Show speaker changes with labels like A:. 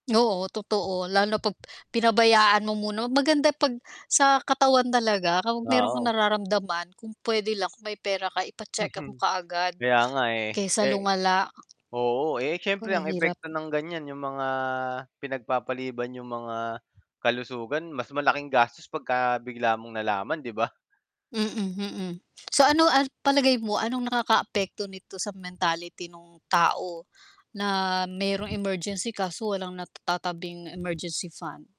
A: Oo. Totoo lalo na 'pag pinabayaan mo muna maganda 'pag sa katawan talaga
B: Ah,
A: kapag mayro'n kang
B: o
A: nararamdaman kung puwede lang may pera ka ipa-check up mo
B: Mhm.
A: kaagad
B: Kaya nga eh,
A: kaysa
B: eh
A: lumala.
B: oo, eh,
A: 'Ko
B: siyempre
A: ang
B: ang
A: hirap.
B: epekto ng ganyan yung mga pinag-papaliban yung mga kalusugan mas malaking gastos pagka-bigla mong nalaman 'di ba?
A: Mm, mm. So ano ang palagay mo, anong nakaka-apekto nito sa mentality nung tao na mayrong emergency kaso walang natatabing emergency fund?